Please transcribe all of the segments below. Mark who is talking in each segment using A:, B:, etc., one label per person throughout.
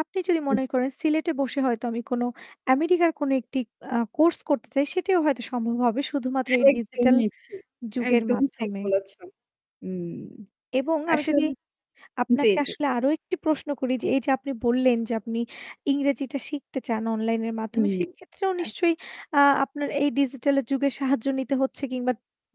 A: আপনি যদি মনে করেন সিলেটে বসে হয়তো আমি আমেরিকার কোন একটি আ কোর্স করতে চাই সেটিও হয়তো সম্ভব হবে। শুধুমাত্র এই ডিজিটাল
B: একদমই ঠিক
A: যুগের
B: একদম ঠিক
A: মাধ্যমে।
B: বলেছ হুম।
A: এবং আমি যদি
B: আসলে জি,
A: আপনাকে
B: জি।
A: আসলে আরো একটি প্রশ্ন করি যে এই যে আপনি বললেন যে আপনি ইংরেজিটা শিখতে চান অনলাইন এর
B: হু,
A: মাধ্যমে সেক্ষেত্রেও
B: হ্যাঁ।
A: নিশ্চয়ই আ আপনার এই ডিজিটাল যুগের সাহায্য নিতে হচ্ছে কিংবা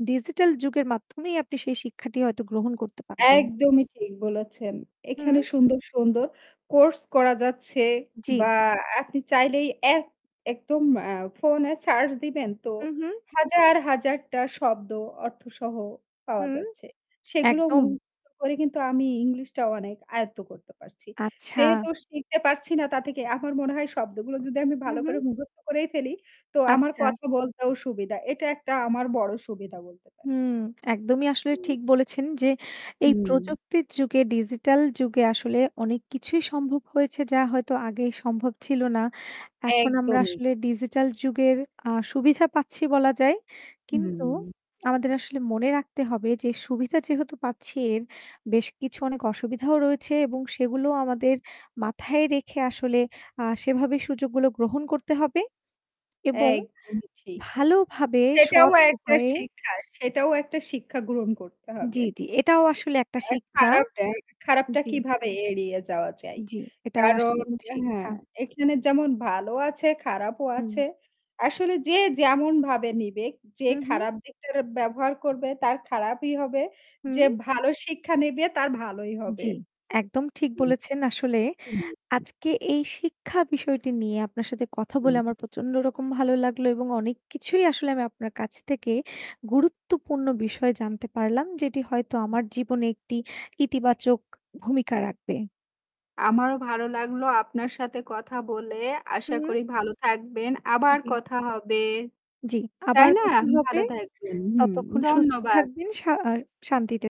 A: ডিজিটাল যুগের মাধ্যমেই আপনি সেই শিক্ষাটি হয়তো গ্রহণ করতে পারবেন।
B: একদমই ঠিক বলেছেন। এখানে
A: হু।
B: সুন্দর সুন্দর কোর্স করা যাচ্ছে
A: জি।
B: বা আপনি চাইলেই এক একদম আ ফোনে সার্চ দিবেন তো
A: হু, হু।
B: হাজার হাজারটা শব্দ অর্থসহ পাওয়া
A: হুম,
B: যাচ্ছে সেগুলো
A: একদম।
B: মুখস্ত করে কিন্তু আমি ইংলিশটাও অনেক আয়ত্ত করতে পারছি।
A: আচ্ছা।
B: যেহেতু শিখতে পারছি না তা থেকে আমার মনে হয় শব্দগুলো যদি আমি
A: হুম,
B: ভালো
A: হু।
B: করে মুখস্থ করেই ফেলি তো আমার
A: আচ্ছা।
B: কথা বলতেও সুবিধা এটা একটা আমার বড়ো সুবিধা বলতে পারেন।
A: হুম একদমই আসলে ঠিক বলেছেন যে এই
B: হুম।
A: প্রযুক্তির যুগে ডিজিটাল যুগে আসলে অনেক কিছুই সম্ভব হয়েছে যা হয়তো আগেই সম্ভব ছিল না এখন আমরা
B: একদমই।
A: আসলে ডিজিটাল যুগের আ সুবিধা পাচ্ছি বলা যায় কিন্তু
B: হুম।
A: আমাদের আসলে মনে রাখতে হবে যে সুবিধা যেহেতু পাচ্ছি এর বেশ কিছু অনেক অসুবিধাও রয়েছে এবং সেগুলো আমাদের মাথায় রেখে আসলে সেভাবে সুযোগগুলো গ্রহণ করতে হবে এবং
B: একদমই ঠিক।
A: ভালোভাবে
B: সেটাও
A: সৎ
B: একটা
A: উপায়ে
B: শিক্ষা সেটাও একটা শিক্ষা গ্রহণ করতে হবে।
A: জি, জি। এটাও আসলে একটা শিক্ষা।
B: খারাপ, [unintelligible] খারাপটা
A: জি।
B: কীভাবে এড়িয়ে যাওয়া চাই
A: জ্বি, এটাও
B: কারণ
A: আসলে একটি
B: হ্যাঁ
A: শিক্ষা।
B: এখানে যেমন ভালো আছে খারাপও আছে।
A: হুম।
B: আসলে যে যেমনভাবে নিবে যে
A: হু, হু।
B: খারাপ দিকটা ব্যবহার করবে তার খারাপই হবে যে
A: হু।
B: ভালো শিক্ষা নিবে তার ভালোই হবে।
A: জি, একদম ঠিক বলেছেন আসলে আজকে এই শিক্ষা বিষয়টি নিয়ে আপনার সাথে কথা বলে আমার প্রচণ্ড রকম ভালো লাগলো এবং অনেক কিছুই আসলে আমি আপনার কাছ থেকে গুরুত্বপূর্ণ বিষয় জানতে পারলাম যেটি হয়তো আমার জীবনে একটি ইতিবাচক ভূমিকা রাখবে।
B: আমারও ভালো লাগলো আপনার সাথে কথা বলে। আশা
A: হু।
B: করি ভালো থাকবেন, আবার
A: জি।
B: কথা হবে।
A: জি,
B: তাই
A: আবার
B: না?
A: কথা হবে,
B: ভালো থাকবেন হুম।
A: ততক্ষণ সুস্থ
B: ধন্যবাদ।
A: থাকবেন, শা আ শান্তিতে থাকবেন।